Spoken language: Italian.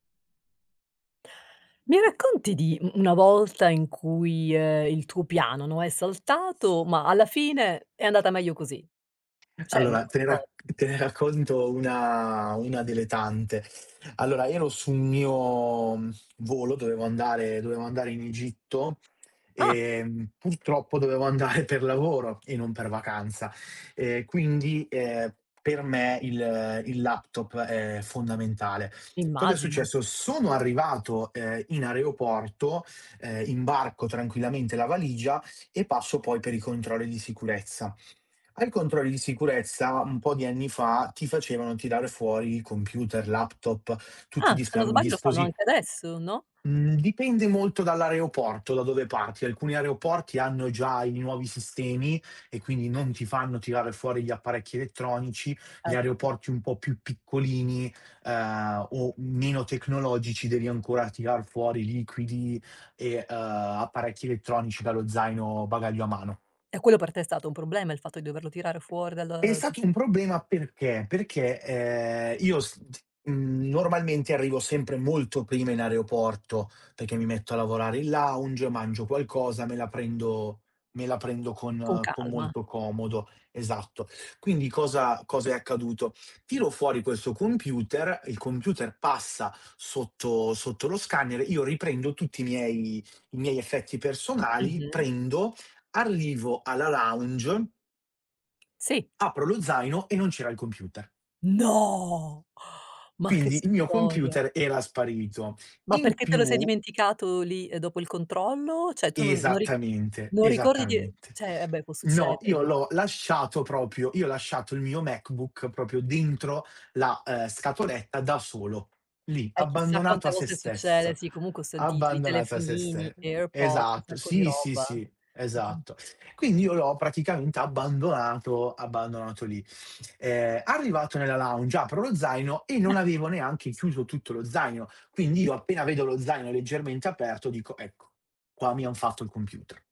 Mi racconti di u una volta in cui, ehm, il tuo piano, no, è saltato, ma alla fine è andata meglio così? C'è Allora te ne rac [unintelligible] te ne racconto una una delle tante. Allora, io ero sul mio, mhmm, volo, dovevo andare dovevo andare in Egitto, Ah. ehm, purtroppo dovevo andare per lavoro e non per vacanza. Ehm, quindi, ehm, per me il il laptop è fondamentale. Cosa è Immagino. successo: sono arrivato, ehm, in aeroporto, ehm, imbarco tranquillamente la valigia e passo poi per i controlli di sicurezza. Ai controlli di sicurezza un po' di anni fa ti facevano tirare fuori i computer, laptop tutti Ah, i se dispia non i sbaglio lo fanno disposi anche adesso, no? mhmm, dipende molto dall'aeroporto da dove parti. Alcuni aeroporti hanno già i nuovi sistemi e quindi non ti fanno tirare fuori gli apparecchi elettronici, gli Ecco. aeroporti un po' più piccolini, ehm, o meno tecnologici devi ancora tirar fuori liquidi e, ehm, apparecchi elettronici dallo zaino, bagaglio a mano. E quello per te è stato un problema, il fatto di doverlo tirare fuori È dal, uhm stato un problema perché: perché, ehm, io s t mhmm, normalmente arrivo sempre molto prima in aeroporto perché mi metto a lavorare in lounge mangio qualcosa, me la prendo me la prendo Con con con calma. molto comodo. Esatto. Quindi cosa cosa è accaduto: tiro fuori questo computer, il computer passa sotto sotto lo scanner, io riprendo tutti i miei i miei effetti personali, Mh-mh. prendo, arrivo alla lounge... Sì. apro lo zaino e non c'era il computer. No! Ma che Quindi il mio storia. computer era sparito. Ma In perché te lo sei più... dimenticato lì dopo il controllo? Cioè, tu non non ri Esattamente, non ricordi di esattamente. cioè, vabbè può No, succedere, io imma l'ho lasciato proprio io ho lasciato il mio MacBook proprio dentro la, ehm, scatoletta da solo, lì, Eh, chissà abbandonato quante a sé volte succede, stesso, sì comunque ho sentito di abbandonato a sé telefonini, ste Airpods, un esatto. sacco di Sì, sì, roba. sì, Mh-mh. esatto. Quindi io l'ho praticamente abbandonato abbandonato lì. Ehm, arrivato nella lounge apro lo zaino e non avevo neanche chiuso tutto lo zaino. Quindi io appena vedo lo zaino leggermente aperto dico: "Ecco, qua mi han fatto il computer".